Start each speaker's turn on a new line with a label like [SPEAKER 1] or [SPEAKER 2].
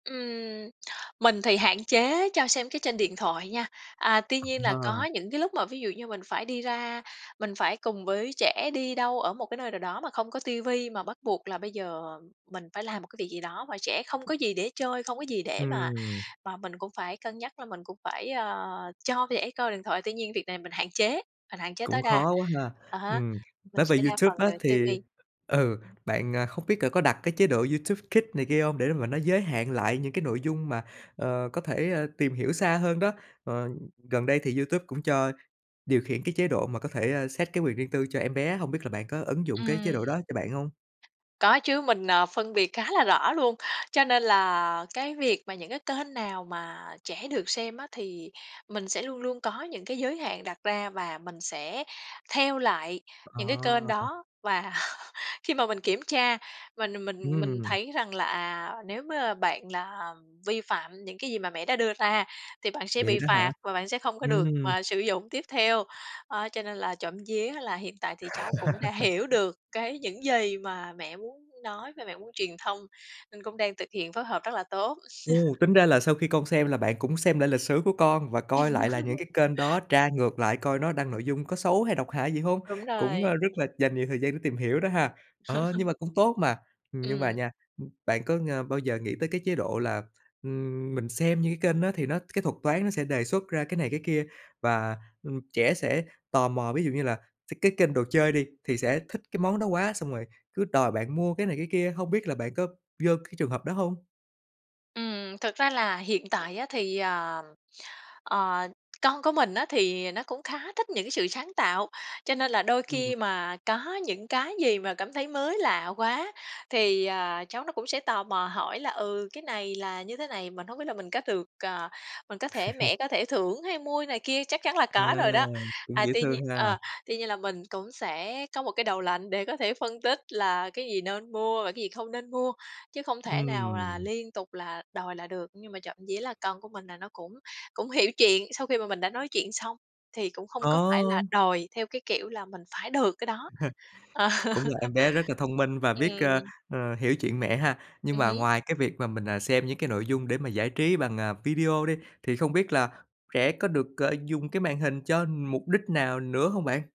[SPEAKER 1] Ừm, mình thì hạn chế cho xem cái trên điện thoại nha. À, tuy nhiên là có
[SPEAKER 2] Ờ.
[SPEAKER 1] những cái lúc mà ví dụ như mình phải đi ra mình phải cùng với trẻ đi đâu ở một cái nơi nào đó mà không có ti vi, mà bắt buộc là bây giờ mình phải làm một cái việc gì đó mà trẻ không có gì để chơi, không có gì để mà
[SPEAKER 2] Ừm
[SPEAKER 1] mà mình cũng phải cân nhắc là mình cũng phải, ờ, cho trẻ coi điện thoại. Tuy nhiên việc này mình hạn chế, mình hạn chế
[SPEAKER 2] Cũng
[SPEAKER 1] tối đa.
[SPEAKER 2] khó quá ha.
[SPEAKER 1] À há,
[SPEAKER 2] Ừm,
[SPEAKER 1] mình
[SPEAKER 2] nói về
[SPEAKER 1] sẽ đa phần
[SPEAKER 2] YouTube á
[SPEAKER 1] là ti
[SPEAKER 2] thì
[SPEAKER 1] vi.
[SPEAKER 2] ừ, bạn, à, không biết c có đặt cái chế độ YouTube Kids này kia hông để mà nó giới hạn lại những cái nội dung mà, ờ, có thể, ơ, tìm hiểu xa hơn đó? Ờ, gần đây thì YouTube cũng cho điều khiển cái chế độ mà có thể, ơ, set cái quyền riêng tư cho em bé, hông biết là bạn có ứng dụng cái chế
[SPEAKER 1] Ừm.
[SPEAKER 2] độ đó cho bạn hông?
[SPEAKER 1] Có chứ mình, ờ, phân biệt khá là rõ luôn, cho nên là cái việc mà những cái kênh nào mà trẻ được xem á thì mình sẽ luôn luôn có những cái giới hạn đặt ra và mình sẽ theo lại
[SPEAKER 2] Ờ.
[SPEAKER 1] những cái kênh đó. Và khi mà mình kiểm tra mình mình mình
[SPEAKER 2] Ừm.
[SPEAKER 1] thấy rằng là, à, nếu m bạn là vi phạm những cái gì mà mẹ đã đưa ra thì bạn sẽ
[SPEAKER 2] Vậy
[SPEAKER 1] bị
[SPEAKER 2] đó hả?
[SPEAKER 1] phạt và bạn sẽ không có được,
[SPEAKER 2] Ừm.
[SPEAKER 1] à, sử dụng tiếp theo. Ơ, cho nên là trộm vía là hiện tại thì cháu cũng đã hiểu được cái những gì mà mẹ muốn nói và mẹ muốn truyền thông, nên cũng đang thực hiện phối hợp rất là tốt.
[SPEAKER 2] Ồ, tính ra là sau khi con xem là bạn cũng xem lại lịch sử của con, và coi lại là những cái kênh đó, tra ngược lại coi nó đăng nội dung có xấu hay độc hại gì hông?
[SPEAKER 1] Đúng
[SPEAKER 2] Cũng, a,
[SPEAKER 1] rồi.
[SPEAKER 2] rất là dành nhiều thời gian để tìm hiểu đó ha. Ờ, nhưng mà cũng tốt mà, nhưng mà
[SPEAKER 1] Ừm.
[SPEAKER 2] nha, ưm, bạn có ng bao giờ nghĩ tới cái chế độ là, ưm, mình xem những cái kênh nó thì nó cái thuật toán nó sẽ đề xuất ra cái này cái kia, và, ừm, trẻ sẽ tò mò? Ví dụ như là th cái kênh đồ chơi đi thì sẽ thích cái món đó quá xong rồi cứ đòi bạn mua cái này cái kia, hông biết là bạn có vô cái trường hợp đó hông?
[SPEAKER 1] Ừm, thực ra là hiện tại á thì, ờ, ờ, con của mình á thì nó cũng khá thích những cái sự sáng tạo, cho nên là đôi
[SPEAKER 2] Ừm.
[SPEAKER 1] khi mà có những cái gì mà cảm thấy mới lạ quá, thì, ờ, cháu nó cũng sẽ tò mò hỏi là "Ừ, cái này là như thế này, mình hông biết là mình có được, ờ mình có thể mẹ có thể thưởng hay mua" này kia, chắc chắn là
[SPEAKER 2] À,
[SPEAKER 1] có rồi đó.
[SPEAKER 2] cũng
[SPEAKER 1] À,
[SPEAKER 2] dễ
[SPEAKER 1] tuy nhiên
[SPEAKER 2] thương ha.
[SPEAKER 1] ờ, tuy nhiên là mình cũng sẽ có một cái đầu lạnh để có thể phân tích là cái gì nên mua và cái gì không nên mua, chứ không thể nào là
[SPEAKER 2] Ừm.
[SPEAKER 1] liên tục là đòi là được. Nhưng mà trộm vía là con của mình là nó cũng cũng hiểu chuyện, sau khi mà mình đã nói chuyện xong thì cũng không có phải
[SPEAKER 2] Ờ.
[SPEAKER 1] là đòi theo cái kiểu là mình phải được cái đó. Ờ.
[SPEAKER 2] C cũng là em bé rất là thông minh và biết, ơ,
[SPEAKER 1] Ừm.
[SPEAKER 2] ờ, hiểu chuyện mẹ ha. Nhưng
[SPEAKER 1] Ừm
[SPEAKER 2] mà
[SPEAKER 1] hứm.
[SPEAKER 2] ngoài cái việc mà mình, à, xem những cái nội dung để mà giải trí bằng, à, video đi, thì không biết là trẻ có được, à, dùng cái màn hình cho mục đích nào nữa hông bạn?